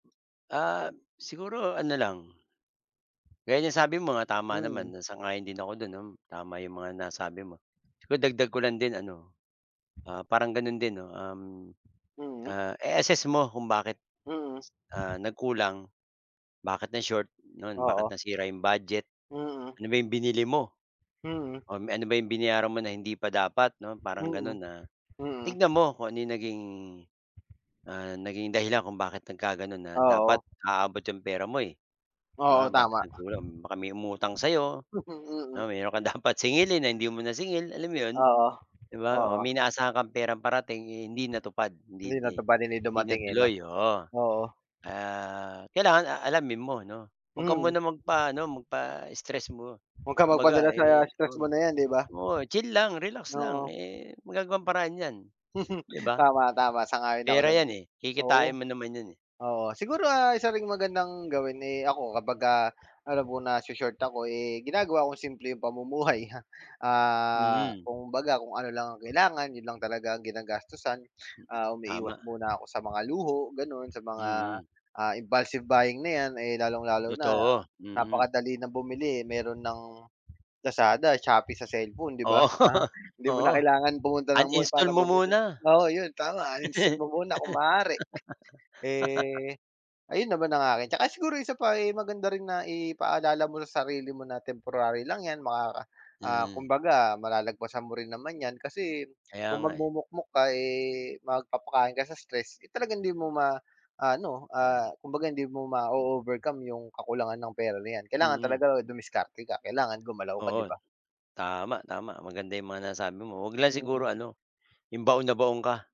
Ah, siguro ano lang, gaya ng sabi mo nga tama Mm. naman sang-ayon din ako do'n no, tama 'yong mga nasabi mo, siguro dagdag ko lang din ano. Ah, parang gano'n din no, um, Mm. ah, i-assess mo kung bakit, Mm. ah, nagkulang, bakit na-short nun, bakit Oo. nasira 'yong budget, Mm. ano ba 'yong binili mo? Mhm. Oh, me ano ba 'yong binayaran mo na hindi pa dapat 'no parang gano'n Mm, na mm. tignan mo kung ano yung naging ah, naging dahilan kung bakit nagkaganoon na dapat Oo. aabot 'yong pera mo eh. Oo Oo bakit tama. nagkulang baka may umutang sa 'yo, Mhm, oo mm. mayroon kang dapat singilin na hindi mo nasingil alam mo 'yon, Oo, 'di ba, oh, oo. may inaasahan kang perang parating, eh, hindi natupad hindi Hindi hindi natupad, hindi hindi na dumating, eh, no, tuloy oo, oo. ah, kailangan, ah, alamin mo 'no, 'wag ka Mm. muna magpaano magpa-stress mo, Wag kang magpadala kumbaga, sa eh, stress mo dun na yan, di ba? oo chill lang, relax lang, Oo. eh, magagawan ng paraan 'yan, 'di ba? Tama, tama, sang-ayon ako Pera dun. yan, eh, Oo. kikitain mo naman yun, eh. Oo siguro, ah, isa ring magandang gawin, eh, ako kapagka ano alam kong naso-short ako, eh, ginagawa kong simple yung pamumuhay, ah, Mhm. kumbaga kung ano lang ang kailangan, yun lang talaga ang ginagastusan, ah, umiiwas Tama. muna ako sa mga luho ganon, sa mga, Mhm. ah, impulsive buying na yan, eh, lalong lalo na Totoo, mm. napakadali ng bumili, eh, meron ng Lazada, Shopee sa cellphone 'di ba, Oo, ah, hindi mo oo na kailangan pumunta ng mall uninstall para mo bumili muna. oo yun tama uninstall mo muna kung maaari, eh, ayun naman ang akin 'tsaka siguro 1 pa ay maganda rin na ipaalala mo sa sarili mo na temporary lang yan makaka ah, Mm. kumbaga malalagpasan mo rin naman yan kasi, Kaya kung nga, eh. magmukmok ka, eh, magpapakain ka sa stress, eh, talagang hindi mo ma ano, ah, Oo. kumbaga hindi mo mao-overcome yung kakulangan ng pera na yan kailangan Mm. talaga dumiskarte ka, kailangan gumalaw ka di Oo ba? tama, tama maganda 'yong mga nasabi mo 'wag lang Mm. siguro ano, 'yong baon na baon ka.